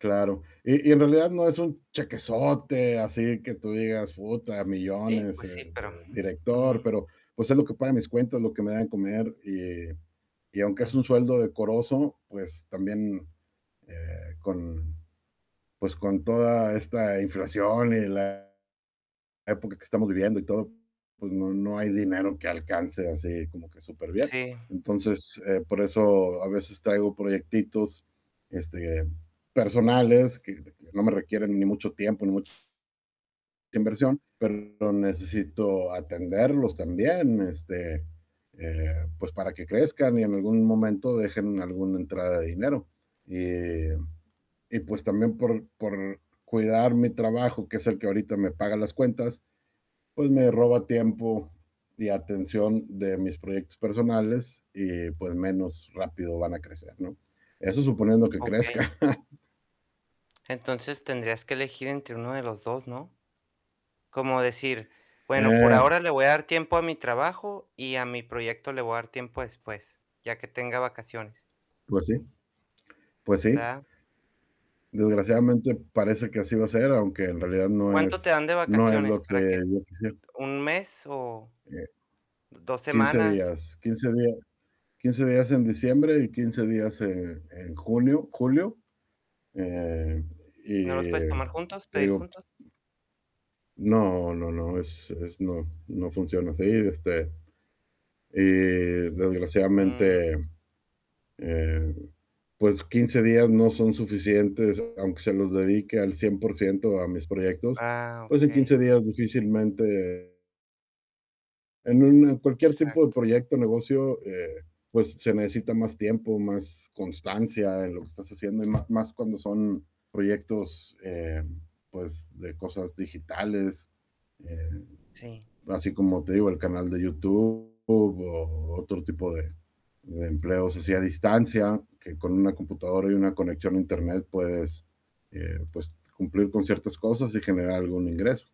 Claro, y y en realidad no es un chequesote así que tú digas: "Uta, Sí, millones, eh, pues sí, pero de director", ujú. pero, pues, es lo que paga mis cuentas, lo que me da de comer, y y aunque es un Mm. sueldo decoroso, pues, también, eh, con, pues, con toda esta inflación y la época que estamos viviendo y todo, pues, no no hay dinero que alcance, así como que superbién, Sí. entonces, eh, por eso a veces traigo proyectitos, este, personales que no me requieren ni mucho tiempo ni mu inversión, pero necesito atenderlos también, este, eh, pues, para que crezcan y en algún momento dejen alguna entrada de dinero, eh, y pues, también por por cuidar mi trabajo, que es el que ahorita me paga las cuentas, pues, me roba tiempo, y atención de mis proyectos personales, y pues, menos rápido van a crecer, ¿no?, eso suponiendo que Okey. crezcan. Entonces tendrías que elegir entre uno de los 2, ¿no?, como decir: "Bueno, por Eh. ahora le voy a dar tiempo a mi trabajo y a mi proyecto le voy a dar tiempo después, ya que tenga vacaciones". Pues sí pues sí. ¿Verdad? Desgraciadamente, parece que así va a ser, aunque en realidad no ¿Cuánto te es dan de no es lo vacaciones que para que yo quisiera. un mes o Eh, 2 15 semanas? días 15 días 15 días en diciembre y 15 días, eh, en junio, julio, eh, ¿No los puedes y tomar juntos, te pedir digo juntos? No no no, es es, no no funciona así, este, y Mm. desgraciadamente, eh, pues, 15 días no son suficientes, aunque se los dedique al 100% a mis proyectos, Ah, pues, en okey. 15 días difícilmente en un en cualquier tipo de Exacto. proyecto o negocio, eh, pues, se necesita más tiempo, más constancia en lo que estás haciendo y ma más cuando son proyectos, eh, pues, de cosas digitales, eh, Sí. así como te digo, el canal de YouTube, o otro tipo de de empleos así a distancia, que con una computadora y una conexión a Internet puedes, eh, pues, cumplir con ciertas cosas y generar algún ingreso,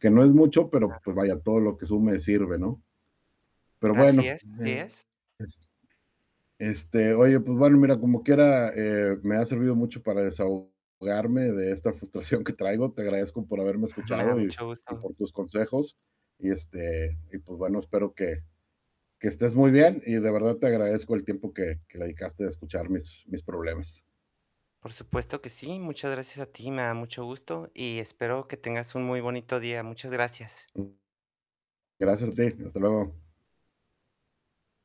que no es mucho, pero, Claro. pues, vaya, todo lo que sume sirve, ¿no?, pero Así bueno es así [unintelligible] es. es este, oye, pues bueno, mira, como quiera, eh, me ha servido mucho para desahogarme de esta frustración que traigo, te agradezco por haberme Me da escuchado, y mucho y gusto. por tus consejos, y este, y pues, bueno, espero que que estés muy bien y de verdad te agradezco el tiempo que que dedicaste a escuchar mis mis problemas. Por supuesto que sí, muchas gracias a ti, me da mucho gusto, y espero que tengas un muy bonito día, muchas gracias. Mm. Gracias a ti, hasta luego.